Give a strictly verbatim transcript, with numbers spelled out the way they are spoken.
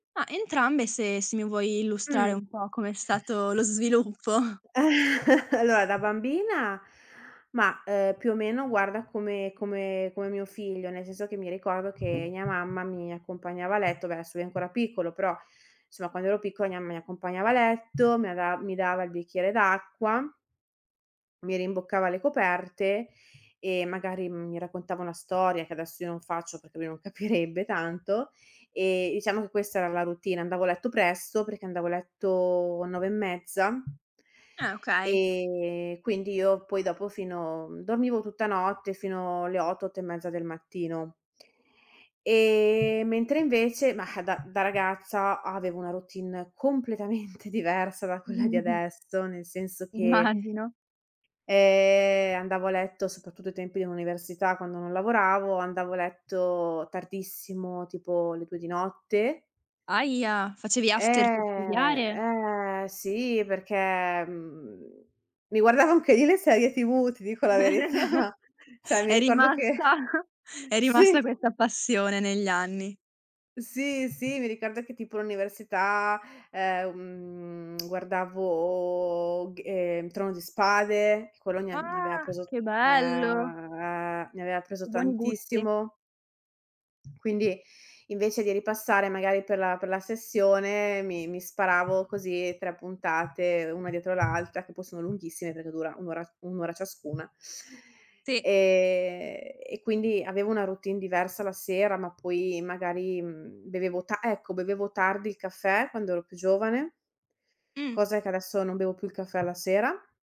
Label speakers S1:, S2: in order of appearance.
S1: Ma, entrambe se se mi vuoi illustrare
S2: Mh.
S1: un po' com'è stato lo sviluppo.
S2: Allora, da bambina, ma, uhm, più o meno guarda come come come mio figlio, nel senso che mi ricordo che mia mamma, mi accompagnava a letto, vabbè adesso lui è ancora piccolo, però somma quando ero piccola mia mamma mi accompagnava a letto, mi av mi dava il bicchiere d'acqua mi rimboccava le coperte, e magari mi raccontava una storia, che adesso io non faccio perché lui non capirebbe tanto, e iciamo che questa era la routine. Andavo a letto presto, perché andavo a letto nove e mezza
S1: Eh, okay.
S2: e quindi io poi dopo fino dormivo tutta notte, fino alle otto, otto e mezza del mattino. Ehm, mentre invece mah, da da ragazza avevo una routine completamente diversa da quella di adesso, nel senso che
S1: Immagino.
S2: eh andavo a letto, soprattutto ai tempi dell'università, quando non lavoravo, andavo a letto tardissimo tipo le due di notte.
S1: Ahia, facevi after per studiare?
S2: Eh, eh, sì, perché, mhmm, mi guardavo anche io le serie TV, ti dico la verità. ceh mi
S1: È
S2: ricordo che
S1: rimasta è rimasta
S2: sì.
S1: questa passione negli anni.
S2: Sì, sì, mi ricordo che tipo all'università, ehm, guardavo, g ehm, Trono di Spade, quello mi ave mi aveva
S1: Ah,
S2: preso
S1: che bello!
S2: uhm, mi aveva preso
S1: Che buoni gusti.
S2: tantissimo. Quindi, invece di ripassare magari per la per la sessione, mi mi sparavo così tre puntate, una dietro l'altra, che poi sono lunghissime, perché dura un' ora un' ora ciascuna.
S1: Sì.
S2: Ehm, e quindi avevo una routine diversa la sera, ma poi magari, mhmm, bevevo tan ecco bevevo tardi il caffè, quando ero più giovane.
S1: Mh.
S2: Cosa che adesso, non bevo più il caffè alla sera.